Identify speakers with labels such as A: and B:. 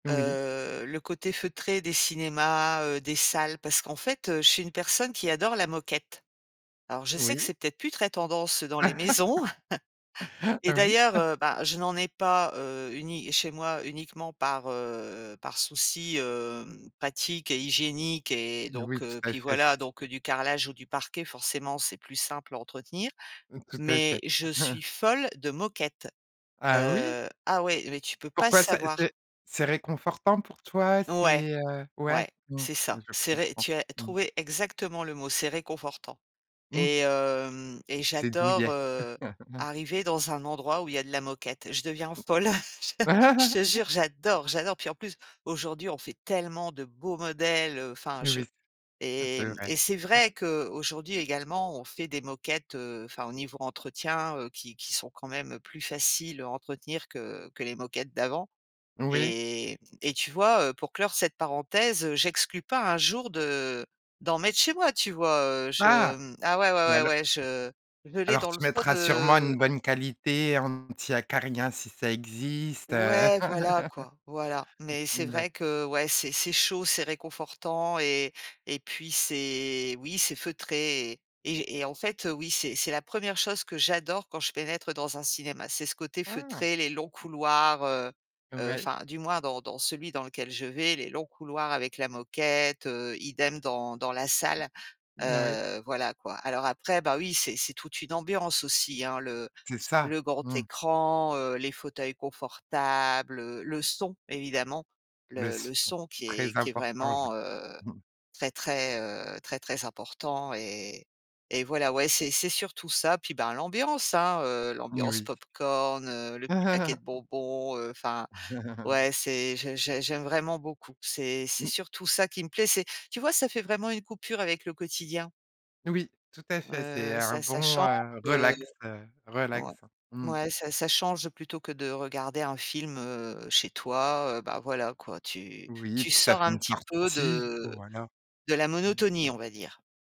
A: Oui.
B: Heu, le côté feutré des cinémas, heu, des salles, parce qu'en fait, heu, je suis une personne qui adore la moquette. Alors je sais que
A: Oui.
B: c'est peut-être plus très tendance, heu, dans les maisons et
A: Oui.
B: d'ailleurs, heu, bah, je n'en ai pas, heu, uni chez moi, uniquement, par, heu par souci, hem, pratique et hygiénique et donc
A: Oui, tout
B: heu,
A: à
B: puis
A: fait.
B: voilà,
A: C
B: donc du carrelage ou du parquet, forcément, c'est plus simple à entretenir,
A: Mmh. Tout à
B: mais
A: fait.
B: je suis folle de moquette.
A: Ah oui?
B: Heu, ah, ouais, mais tu peux pas
A: Pourquoi? Ça
B: savoir.
A: c'est c'est réconfortant pour toi?
B: Ouais,
A: C'est, heu ouais.
B: ouais,
A: Mmh,
B: c'est ça.
A: je
B: C'est ré
A: comprends.
B: tu as
A: Mmh.
B: trouvé exactement le mot, c'est réconfortant
A: Mmh
B: et
A: mh.
B: hem et
A: C'est
B: j'adore,
A: douillet.
B: heu, arriver dans un endroit où il y a de la moquette. Je deviens folle, je je
A: Mmh.
B: te jure, j'adore, j'adore. Puis en plus, aujourd'hui, on fait tellement de beaux modèles, enfin, je
A: Oui, c
B: et
A: c'est
B: mmh,
A: vrai.
B: et c'est
A: Mmh.
B: vrai qu'aujourd'hui, également, on fait des moquettes, heu, enfin au niveau entretien, heu, qui qui sont quand même plus faciles à entretenir que que les moquettes d'avant
A: Oui.
B: et et tu vois, heu, pour clore cette parenthèse, j'exclus pas, un jour, de d'en mettre chez moi, tu vois? Heu, je
A: Ah
B: mmh ah, ouais,
A: ou
B: ouais,
A: alors mmh.
B: ouais, je je l'ai
A: Alors
B: dans le
A: tu
B: fond
A: mettras sûrement une
B: de
A: bonne qualité anti-acariens, si ça existe, heu.
B: Ouais, voilà, quoi, voilà, mais c'est
A: Mmh mh, d'acc
B: vrai que, ouais, c'est c'est chaud, c'est réconfortant et et puis c'est, oui, c'est feutré et et et en fait, oui, c'est c'est la 1re chose que j'adore quand je pénètre dans un cinéma. C'est ce côté
A: Ah!
B: feutré, les longs couloirs, heu heu,
A: Ouais.
B: enfin, du moins, dans dans celui dans lequel je vais, les longs couloirs avec la moquette, heu, idem dans dans la salle,
A: N oui.
B: heu, voilà, quoi. Alors après, bah, oui, c'est c'est toute une ambiance aussi, hein le
A: C'est ça.
B: le grand
A: Mmh.
B: écran, heu, les fauteuils confortables, le son évidemment, le
A: Laisse
B: le
A: ton
B: son qui est
A: très
B: qui est
A: important, je
B: vraiment,
A: crois.
B: heu, très, très, heu très très important et et voilà. Ouais, c'est c'est surtout ça. Puis ben, l'ambiance, hein, heu,
A: N
B: l'ambiance
A: oui.
B: pop-corn, heu, le petit paquet de bonbons, heu enfin, ouais, c'est j'ai j'ai j'aime vraiment beaucoup. C'est c'est surtout ça qui me plaît, c'est tu vois, ça fait vraiment une coupure avec le quotidien.
A: Oui, tout à fait, c'est
B: Heu,
A: un
B: ça ça
A: bon,
B: change,
A: heu,
B: heu
A: relax, heu
B: ouais,
A: relaxant. Mmh.
B: ouais, ça ça change plutôt que de regarder un film, heu, chez toi, heu, bah, voilà, quoi, tu
A: Oui et
B: tu
A: puis ça
B: sors
A: fait
B: un
A: une
B: petit peu
A: sortie,
B: de
A: voilà.
B: de la
A: Mmh.
B: monotonie, on va dire.